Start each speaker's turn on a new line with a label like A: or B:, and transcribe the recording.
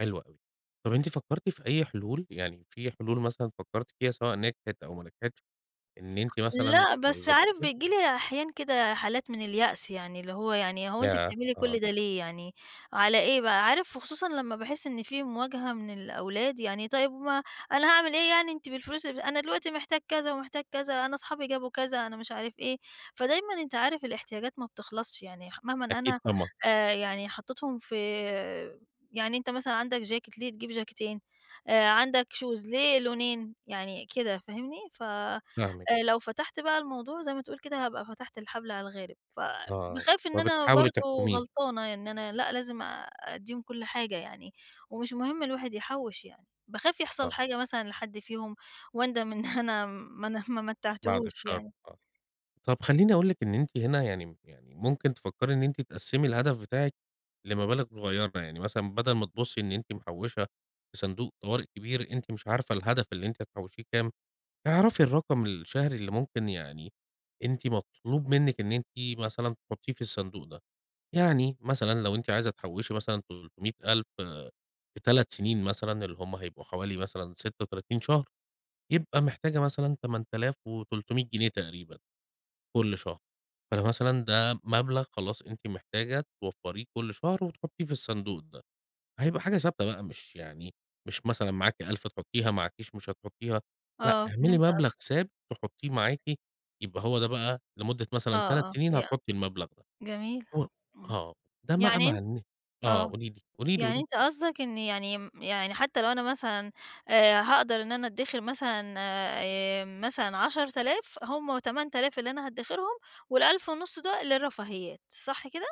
A: حلو اوي، طب أنتِ فكرتِ في أي حلول؟ يعني في حلول مثلًا فكرتِ فيها، سواء نجحت أو ما نجحتش، إن أنتِ مثلًا.
B: لأ، بس عارف،
A: [unintelligible]
B: بييجي لي أحيانًا كده حالات من اليأس يعني اللي هو يعني هو أنتِ
A: ياه!
B: بتعملي
A: آه.
B: كل ده ليه يعني، على إيه بقى، عارف وخصوصًا لمَّا باحس إن في مواجهة من الأولاد، يعني طيِّب ما أنا هاعمل إيه يعني أنتِ بالفلوس أنا دلوقتي محتاج كذا ومحتاج كذا، أنا أصحابي جابوا كذا، أنا مش عارف إيه، فدايمًا أنت عارف الاحتياجات ما بتخلصش، يعني مهما
A: أكيد،
B: أنا
A: طبعًا.
B: آآ، يعني حطيتهم في يعني أنت مثلًا عندك چاكيت، ليه تجيب جاكيتين، آآ عندك شوز، ليه لونين يعني كده فاهمني؟ ف
A: فاهمِك.
B: لو فتحت بقى الموضوع زي ما تقول كده، هابقى فتحت الحبل على الغارب، ف
A: آه،
B: باخاف إن أنا
A: فبتحاولي
B: برضه
A: تحكُميه.
B: غلطانة، إن أنا لأ، لازم آآ، اديهم كل حاجة يعني ومش مهم الواحد يحوِّش، يعني باخاف يحصل
A: آه.
B: حاجة مثلًا لحد فيهم، واندم إن أنا ما ن ما
A: بعد
B: متّعتهوش
A: الشر،
B: يعني.
A: آه، طب خلّيني أقول لِك إن أنتِ هنا يعني يعني ممكن تفكَّري إن أنتِ تقسِّمي الهدف بتاعِك لمبالغ صغيّرة، يعني مثلًا بدل ما تبصّي إن أنتِ محوِّشة في صندوق طوارئ كبير، أنتِ مش عارفة الهدف اللي أنتِ هتحوشيه كام، اعرفي الرقم الشهري اللي ممكن يعني، أنتِ مطلوب منِّك إن أنتِ مثلًا تحطيه في الصندوق ده، يعني مثلًا لو أنتِ عايزة تحوشي مثلًا 300000 في 3 سنين مثلًا، اللي هم هيبقوا حوالي مثلًا 36 شهر، يبقى محتاجة مثلًا 8300 جنيه تقريبًا، كل شهر، فده مثلًا ده مبلغ خلاص أنتِ محتاجة توفريه كل شهر وتحطيه في الصندوق ده، هيبقى حاجة ثابتة بقى، مش يعني مش مثلًا معاكِ 1000 تحطيها، معاكيش مش هتحطيها، لأ،
B: آه،
A: اعملي
B: فهمت قصدك.
A: مبلغ ثابت تحطيه معاكِ يبقى هو ده بقى لمدة
B: آه،
A: مثلًا 3
B: آه
A: سنين
B: ي
A: هتحطي المبلغ ده،
B: جميل،
A: [unintelligible]
B: امم،
A: آه ده بقى
B: يعني
A: مع
B: أنت
A: إن آه،
B: آه
A: قولي لي، قولي لي، قولي
B: يعني
A: لي.
B: أنت قصدك إني يعني يعني حتى لو أنا مثلًا آآ، هاقدر إن أنا اتدخر مثلًا آآ، مثلًا 10000 هم 8000 اللي أنا هاتدخرهم، وال1500 دول للرفاهيات، صح كده؟